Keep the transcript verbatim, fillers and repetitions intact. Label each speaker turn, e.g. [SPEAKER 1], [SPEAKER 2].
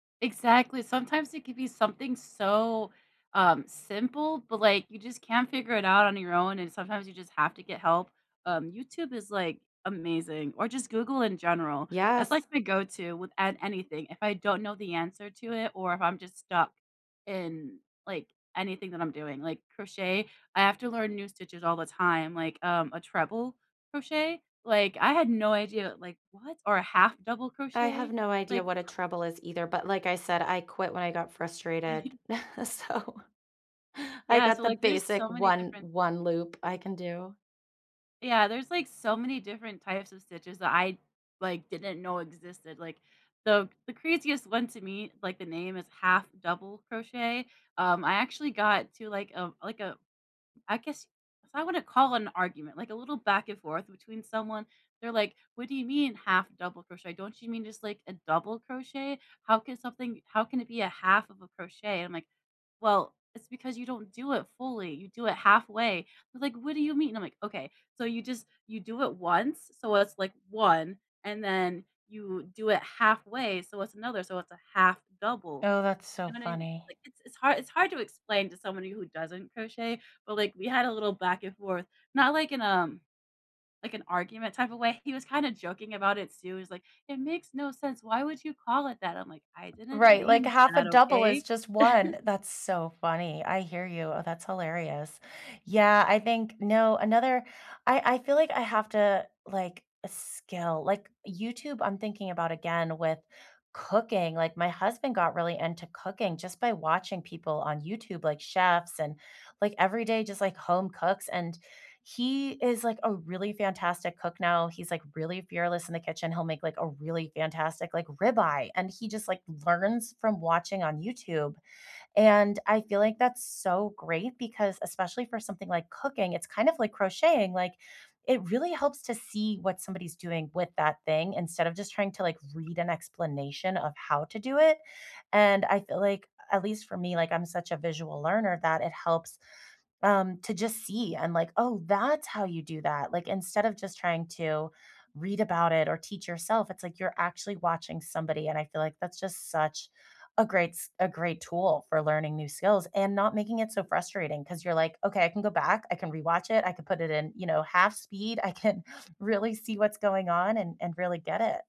[SPEAKER 1] Exactly sometimes it could be something so, um, simple, but, like, you just can't figure it out on your own, and sometimes you just have to get help. Um, YouTube is, like, amazing or just Google in general, that's, like,
[SPEAKER 2] Yes.
[SPEAKER 1] my go to with an anything, if I don't know the answer to it or if I'm just stuck in, like, anything that I'm doing like, crochet, I have to learn new stitches all the time, like, um, a treble crochet? Like, I had no idea, like, "What?" Or a half double
[SPEAKER 2] I have
[SPEAKER 1] crochet,
[SPEAKER 2] no idea
[SPEAKER 1] like,
[SPEAKER 2] what a
[SPEAKER 1] how
[SPEAKER 2] treble is either, but, like I said, I quit when I got frustrated. So I
[SPEAKER 1] Yeah
[SPEAKER 2] got
[SPEAKER 1] so,
[SPEAKER 2] the
[SPEAKER 1] like, there's
[SPEAKER 2] basic
[SPEAKER 1] so many
[SPEAKER 2] one
[SPEAKER 1] different
[SPEAKER 2] one loop I can do.
[SPEAKER 1] Yeah, there's, like, so many different types of stitches that I, like, didn't know existed, like, the the craziest one to me like, the name is half double crochet. Um, I actually got to, like, um like a I guess y I wanna call an argument like, a little back and forth between someone. They're, like, "What do you mean half double crochet? Don't you mean just, like, a double crochet? How can something how can it be a half of a crochet?" I'm, like, "Well, it's because you don't do it fully, you do it halfway." They're, like, "What do you mean?" I'm, like, "Okay. So you just you do it once so, it's, like one, and then you do it halfway, so, it's another so, it's a half double."
[SPEAKER 2] Oh, that's so
[SPEAKER 1] you know I mean?
[SPEAKER 2] funny.
[SPEAKER 1] Like, it's it's hard it's hard to explain to somebody who doesn't crochet, but, like, we had a little back and forth, not, like, in a like, an argument type of way; he was kinda joking about it, too he was, like, "It makes no sense, why would you call it that?" I'm, like, "I didn't
[SPEAKER 2] Right. Like
[SPEAKER 1] name
[SPEAKER 2] half a
[SPEAKER 1] that
[SPEAKER 2] double is
[SPEAKER 1] okay?"
[SPEAKER 2] just one. That's so funny, I hear you oh, that's hilarious. Yeah, I think no, another I I feel like I have to, like a skill, like, YouTube, I'm thinking about again with cooking, like, my husband got really into cooking just by watching people on YouTube, like, chefs and, like, everyday just, like, home cooks, and he is, like, a really fantastic cook now. He's, like, really fearless in the kitchen, he'll make, like, a really fantastic, like, rib eye, and he just, like, learns from watching on YouTube. And I feel like that's so great because especially for something like cooking, it's kind of like crocheting, like, it really helps to see what somebody's doing with that thing instead of just trying to, like, read an explanation of how to do it. And I feel like, a at least for me, like I'm such a visual learner, that it helps, um, to just see and like, "Oh, that's how you do that." Like, instead of just trying to read about it or teach yourself, it's, like, you're actually watching somebody, and I feel like that's just such a great s a great tool for learning new skills and not making it so frustrating 'cause you're, like, "Okay, I can go back, I can rewatch it, I can put it in, you know, half speed, I can really see what's going on and and really get it."